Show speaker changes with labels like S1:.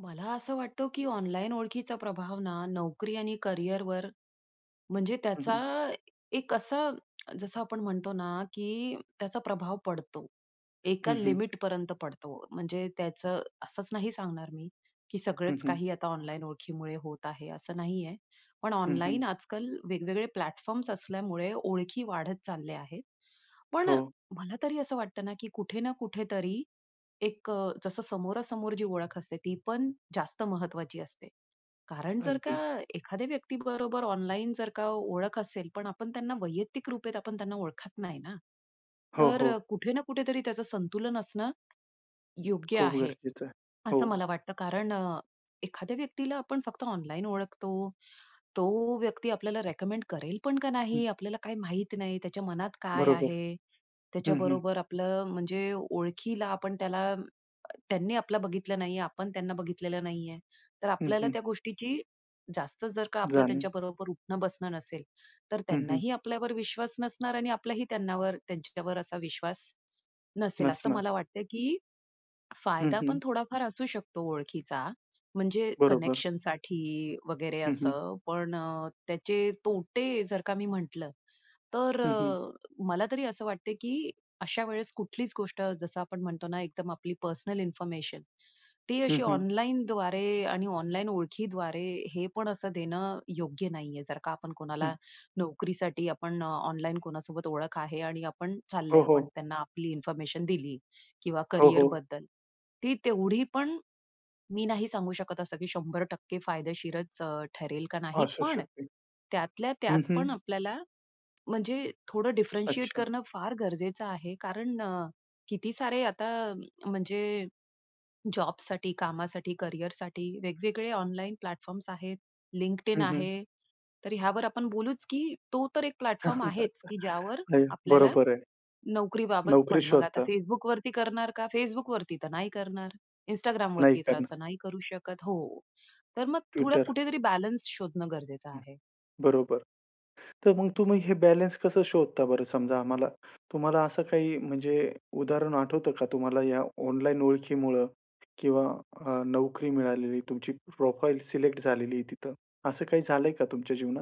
S1: मला असं वाटतं, की ऑनलाईन ओळखीचा प्रभाव ना नोकरी आणि करिअरवर म्हणजे
S2: हं,
S1: त्याचा
S2: हं.
S1: एक असं जसं आपण म्हणतो ना, की त्याचा प्रभाव पडतो. एका
S2: हं, हं.
S1: लिमिटपर्यंत पडतो. म्हणजे त्याचं असंच नाही सांगणार मी, की
S2: हं,
S1: सगळंच
S2: हं.
S1: काही आता ऑनलाईन ओळखीमुळे होत आहे, असं नाही आहे. पण
S2: हं, हं.
S1: ऑनलाईन आजकाल वेगवेगळे प्लॅटफॉर्म्स असल्यामुळे ओळखी वाढत चालल्या आहेत. पण
S2: हो.
S1: मला तरी असं वाटतं ना, की कुठे ना कुठेतरी एक अ, जसं समोरासमोर जी ओळख असते, ती पण जास्त महत्त्वाची असते कारण जर का
S2: अगदी.
S1: एखाद्या व्यक्तीबरोबर ऑनलाईन जर का ओळख असेल, पण आपण त्यांना वैयक्तिक रूपेत आपण त्यांना ओळखत नाही ना,
S2: हो,
S1: तर अ,
S2: हो.
S1: कुठे ना कुठेतरी त्याचं संतुलन असणं योग्य
S2: खूप
S1: आहे
S2: गरजेचं आहे.
S1: असं
S2: हो.
S1: मला वाटतं कारण अ, एखाद्या व्यक्तीला आपण फक्त ऑनलाईन ओळखतो. तो व्यक्ती आपल्याला रिकमेंड करेल पण का
S2: हं.
S1: नाही आपल्याला काही माहित नाही. त्याच्या मनात काय
S2: बरोबर.
S1: आहे,
S2: हं, हं.
S1: त्याच्याबरोबर आपलं म्हणजे ओळखीला आपण त्याला त्यांनी आपलं बघितलं नाहीये, आपण त्यांना बघितलेलं नाहीये. तर
S2: हं,
S1: आपल्याला
S2: हं.
S1: त्या गोष्टीची जास्त जर का आपलं
S2: जाणे.
S1: त्यांच्याबरोबर उठणं-बसणं नसेल, तर
S2: हं, हं.
S1: त्यांनाही आपल्यावर विश्वास नसणार आणि आपल्यालाही त्यां त्यांच्यावर असा विश्वास नसेल, असं
S2: नसणार.
S1: मला वाटतंय की
S2: हं,
S1: फायदा पण
S2: हं.
S1: थोडाफार असू शकतो ओळखीचा, म्हणजे
S2: बरोबर.
S1: कनेक्शनसाठी वगैरे
S2: हं, हं.
S1: असं पण अ, त्याचे तोटे जर का मी म्हटलं, तर
S2: हं, हं.
S1: अ, मला तरी असं वाटत की अशा वेळेस कुठलीच गोष्ट जसं आपण म्हणतो ना, एकदम आपली पर्सनल इन्फॉर्मेशन ती
S2: हं,
S1: अशी
S2: हं.
S1: ऑनलाईनद्वारे आणि ऑनलाईन ओळखीद्वारे हे पण असं देणं योग्य नाहीये. जर का आपण
S2: हं.
S1: कोणाला नोकरीसाठी आपण ऑनलाईन कोणासोबत ओळख आहे आणि आपण
S2: हो,
S1: चाललोय. आपण
S2: हो.
S1: त्यांना आपली इन्फॉर्मेशन दिली किंवा
S2: हो, हो.
S1: करियरबद्दल ती तेवढी पण मी नाही सांगू शकत असतं, की 100% फायदेशीरच अ, ठरेल का नाही.
S2: असू
S1: पण
S2: शकते.
S1: त्यातल्या
S2: हं,
S1: त्यात पण
S2: हं.
S1: आपल्याला म्हणजे थोडं डिफरेन्शिएट
S2: अच्छा.
S1: करणं फार गरजेचं आहे कारण अ, किती सारे आता म्हणजे, जॉबसाठी, कामासाठी, करियरसाठी वेगवेगळे ऑनलाईन प्लॅटफॉर्म्स आहेत. Linkedin
S2: हं, हं.
S1: आहे. तर ह्यावर आपण बोलूच, की तो तर एक प्लॅटफॉर्म आहेच, की ज्यावर
S2: [unintelligible]
S1: आपल्याला
S2: बरोबर आहे.
S1: नोकरीबाबत
S2: नोकरी
S1: पण मग आता
S2: शोधता?
S1: Facebookवरती करणार का, Facebookवरती तर नाही करणार.
S2: नाही
S1: Instagramवरती तर
S2: करणार.
S1: असं नाही करू शकत हो. तर मग थोडं
S2: Twitter.
S1: कुठेतरी बॅलन्स शोधणं गरजेचं
S2: हं,
S1: आहे.
S2: बरोबर. तर मग तुम्ही हे बॅलन्स कसं शोधता बरं. समजा, आम्हाला तुम्हाला असं काही म्हणजे उदाहरण आठवतं का तुम्हाला या ऑनलाईन ओळखीमुळं किंवा अ, नोकरी मिळालेली तुमची प्रोफाइल सिलेक्ट झालेली आहे तिथं. असं काही झालंय का तुमच्या जीवनात?